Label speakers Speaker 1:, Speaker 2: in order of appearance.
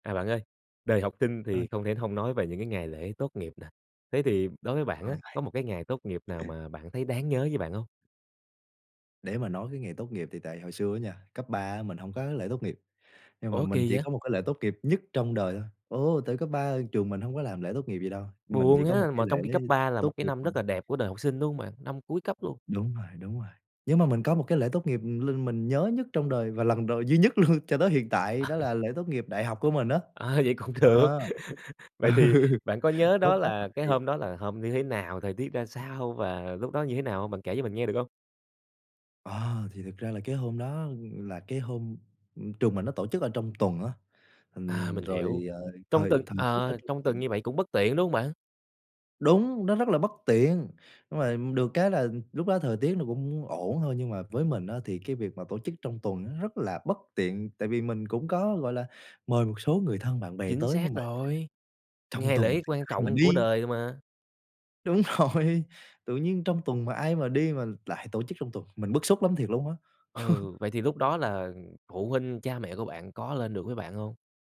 Speaker 1: À, bạn ơi, đời học sinh
Speaker 2: Ơ.
Speaker 1: thì không thể hông nói về những cái ngày lễ tốt nghiệp nè. Thế thì đối với bạn
Speaker 2: Không
Speaker 1: á, có một cái ngày tốt nghiệp nào
Speaker 2: vậy.
Speaker 1: mà bạn thấy đáng nhớ với bạn hông?
Speaker 2: Để mà nói cái ngày tốt nghiệp thì tại hồi xưa á nha, cấp 3 á mình hông có cái lễ tốt nghiệp, nhưng mà
Speaker 1: Ủa,
Speaker 2: mình
Speaker 1: kỳ
Speaker 2: chỉ
Speaker 1: vậy?
Speaker 2: có một cái lễ tốt nghiệp nhất trong đời thôi. Ồ, tại cấp 3 trường mình hông có làm lễ tốt nghiệp gì đâu, mình chỉ
Speaker 1: Buồn
Speaker 2: có một
Speaker 1: ha,
Speaker 2: cái
Speaker 1: mà
Speaker 2: lễ
Speaker 1: trong khi cấp 3 là
Speaker 2: tốt
Speaker 1: một cái
Speaker 2: nghiệp,
Speaker 1: năm
Speaker 2: ừm.
Speaker 1: rất là đẹp của đời học sinh, đúng hông bạn? Năm cuối cấp luôn.
Speaker 2: Đúng rồi, đúng rồi, nhưng mà mình có một cái lễ tốt nghiệp, ừm, l mình nhớ nhất trong đời và lần đ duy nhất luôn cho tới hiện tại đó là lễ tốt nghiệp đại học của mình á,
Speaker 1: À, vậy cũng được,
Speaker 2: ờ.
Speaker 1: vậy thì
Speaker 2: Ừ.
Speaker 1: bạn có nhớ
Speaker 2: Vớt
Speaker 1: đó
Speaker 2: vát
Speaker 1: là cái
Speaker 2: lại.
Speaker 1: hôm đó là hôm như thế nào, thời tiết ra sao và lúc đó như thế nào hông? Bạn kể cho mình nghe được hông?
Speaker 2: Ờ, thì thực ra là cái hôm đó là cái hôm, ừm, trường mình nó tổ chức ở trong tuần á,
Speaker 1: À,
Speaker 2: ừm,
Speaker 1: mình hiểu,
Speaker 2: rồi, ờ,
Speaker 1: trong
Speaker 2: thời
Speaker 1: tuần,
Speaker 2: thời tiết ở
Speaker 1: ờ,
Speaker 2: trong
Speaker 1: trong tuần
Speaker 2: tuần
Speaker 1: như vậy cũng bất tiện, đúng hông bạn?
Speaker 2: Đúng, nó rất là bất tiện, nhưng mà được cái là lúc đó thời tiết nó cũng ổn thôi, nhưng mà với mình á thì cái việc mà tổ chức trong tuần rất là bất tiện, tại vì mình cũng có, gọi là, mời một số người thân bạn bè
Speaker 1: Chính
Speaker 2: tới, nhưng
Speaker 1: xác
Speaker 2: mà
Speaker 1: rồi!
Speaker 2: trong
Speaker 1: Ngày
Speaker 2: tuần
Speaker 1: lễ
Speaker 2: thì
Speaker 1: quan
Speaker 2: ai mà
Speaker 1: trọng của
Speaker 2: đi.
Speaker 1: đời mà.
Speaker 2: Đúng rồi, tự nhiên trong tuần mà ai mà đi mà lại tổ chức trong tuần, mình bức xúc lắm thiệt luôn á.
Speaker 1: Ừ, vậy thì lúc đó là phụ huynh, cha mẹ của bạn có lên được với bạn hông?